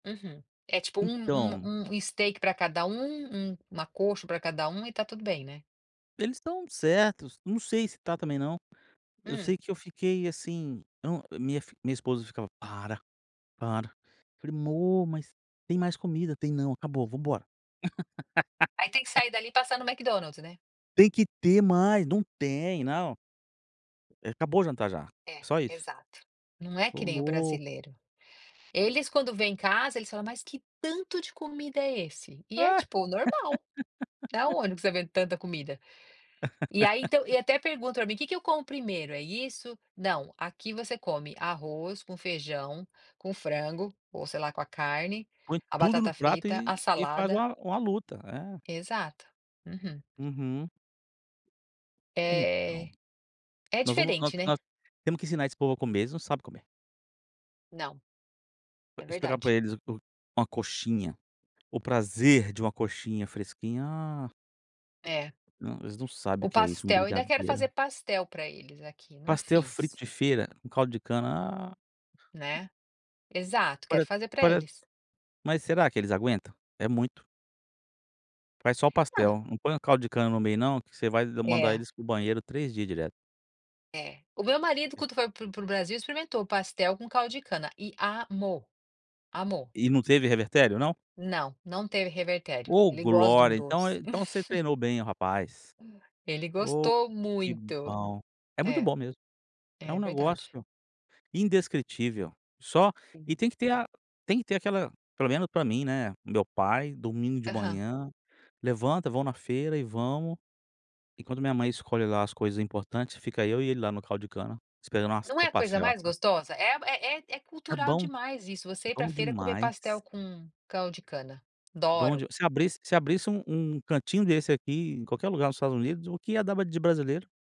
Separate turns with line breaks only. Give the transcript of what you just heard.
Uhum, é tipo um
Então
um um steak pra cada um, um uma coxa pra cada um e tá tudo bem, né.
Eles estão certos, não sei se está também não. Eu
Hum.
sei que eu fiquei assim eu não, minha fi minha esposa ficava: "Para, para". Eu falei: "Mô, mas tem mais comida". "Tem não, acabou, vamos embora".
Aí tem que sair dali e passar no McDonald's, né?
"Tem que ter mais". "Não tem, não". "É, acabou o jantar já.
É,
Só isso".
exato. Não é que
"Estou
nem o
louco".
brasileiro. Eles quando vêm em casa, eles falam, mas que tanto de comida é esse? E é,
Ah.
tipo, normal: "Da onde você tá vendo tanta comida?". E aí, então e até perguntam para mim: "Que que eu como primeiro, é isso?". "Não, aqui você come arroz com feijão, com frango, ou sei lá com a carne,
Põe
a
tudo no
batata
prato
frita,
e
a
e faz
salada"
uma uma luta, é.
Exato. Uhum.
Uhum. Então,
É, é
nós vamos nós
diferente, né.
nós temos que ensinar esse povo a comer. Eles não sabem comer.
Não. É
Explicar
verdade.
para eles o o uma coxinha, o prazer de uma coxinha fresquinha. Ah!
É.
Não, eles não sabem o
O
que é isso. Um
pastel ainda quero fazer
brigadeiro.
pastel para eles aqui. Não
Pastel frito
fiz.
de feira, um caldo de cana. Ah!
Né. Exato,
Pare
quero fazer para
pare
eles.
mas será que eles aguentam? É muito. Faz só o
Ah.
pastel. Não põe o caldo de cana no meio não que você vai mandar
É.
eles para o banheiro 3 dia direto.
É. O meu marido quando foi para o para o para o Brasil experimentou pastel com caldo de cana e amou, amou.
E não teve revertério não?
Não, não teve revertério.
Oh,
Ele gosta de um
glória! Então é
doce.
então você treinou bem o rapaz.
Ele
Oh,
gostou
que
muito.
bom. É muito
É,
bom mesmo. É um
é verdade.
negócio indescritível. Só e
Uhum.
tem que ter a tem que ter aquela, pelo menos para mim, né, o meu pai, domingo de
Aham.
manhã, levanta, vão na feira e vamos. Enquanto minha mãe escolhe lá as coisas importantes, fica eu e ele lá no caldo de cana, esperando
Não é a coisa mais
[unintelligible]
gostosa? É é é é
É
cultural
bom,
demais isso, você ir para
bom
feira comer
demais.
pastel com caldo de cana.
Bom
Adoro.
de se abrisse se abrisse um um cantinho desse aqui, em qualquer lugar nos Estados Unidos, o que ia dava de brasileiro.